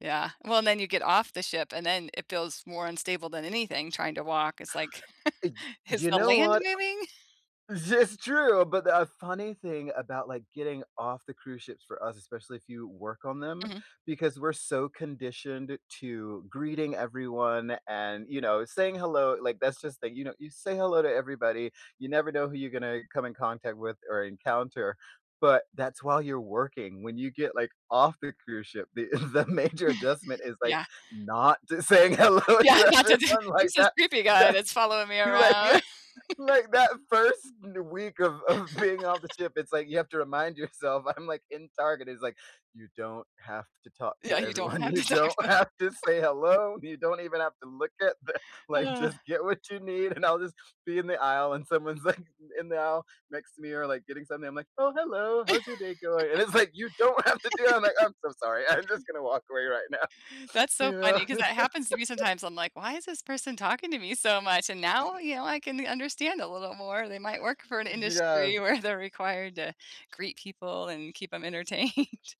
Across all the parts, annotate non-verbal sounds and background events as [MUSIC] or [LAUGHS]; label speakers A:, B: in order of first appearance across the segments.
A: Yeah. Well, and then you get off the ship, and then, it feels more unstable than anything trying to walk. It's like, [CHUCKLES]
B: Y
A: "Is
B: You
A: the
B: know
A: land
B: what? O
A: moving?" [CHUCKLES]
B: This is true, but the, uh, funny thing about, like, getting off the cruise ships for us, especially if you work on them,
A: Mhm.
B: because we're so conditioned to greeting everyone, and, you know, saying hello like, that's just the you know, you say hello to everybody, you never know who you gonna come in contact with or encounter, but that's while you're working. When you get, like, off the cruise ship the the major adjustment
A: [CHUCKLES]
B: is, like,
A: Yeah.
B: not just saying hello to
A: Yeah, that's a d
B: everyone like
A: "Who's this
B: that.
A: creepy guy
B: That
A: that's following me
B: you, like yeah.
A: around?" [LAUGHS]
B: Like, that 1st n week of of being off the
A: [LAUGHS]
B: ship, it's like, you have to remind yourself, I'm, like, in Target, is like, "You don't have to talk
A: Yeah,
B: to
A: you don't
B: everyone.
A: have
B: You
A: this
B: don't
A: accent.
B: have to
A: [CHUCKLES]
B: say hello. You don't even have to look at the like, just
A: [SIGHS]
B: get what you need" And I'll just be in the aisle, and someone's, like, in in the aisle next to me, or like getting something, I'm like, "Oh, hello. How's your day going?" And it's like, you don't have to do that. I'm like,
A: [LAUGHS]
B: "I'm so sorry. I'm just gonna walk away right now."
A: That's so
B: You know?
A: funny 'cause that happens to me
B: [LAUGHS]
A: sometimes. I'm like, "Why is this person talking to me so much?" And now, you know, n I can understand a little more. They might work for an industry
B: Yes.
A: where they're required to greet people, and keep 'em entertained.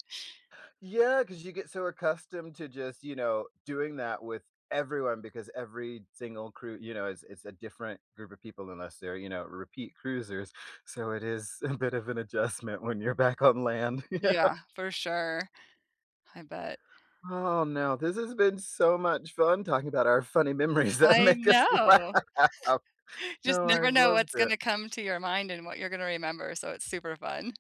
B: Yeah, 'cause you get so accustomed to just, you know, doing that with everyone because every single crew, you know, is is a different group of people unless they're, you know, repeat cruisers. So, it is a bit of an adjustment when you're back on land. Yeah.
A: Yeah, for sure. I bet.
B: Aw, now, this has been so much fun talking about our funny memories that
A: I
B: make us
A: know!
B: laugh.
A: [CHUCKLES] Just
B: No,
A: never
B: I've
A: know
B: loved
A: what's
B: it.
A: gonna come to your mind, and what you're going to remember, so, it's super fun.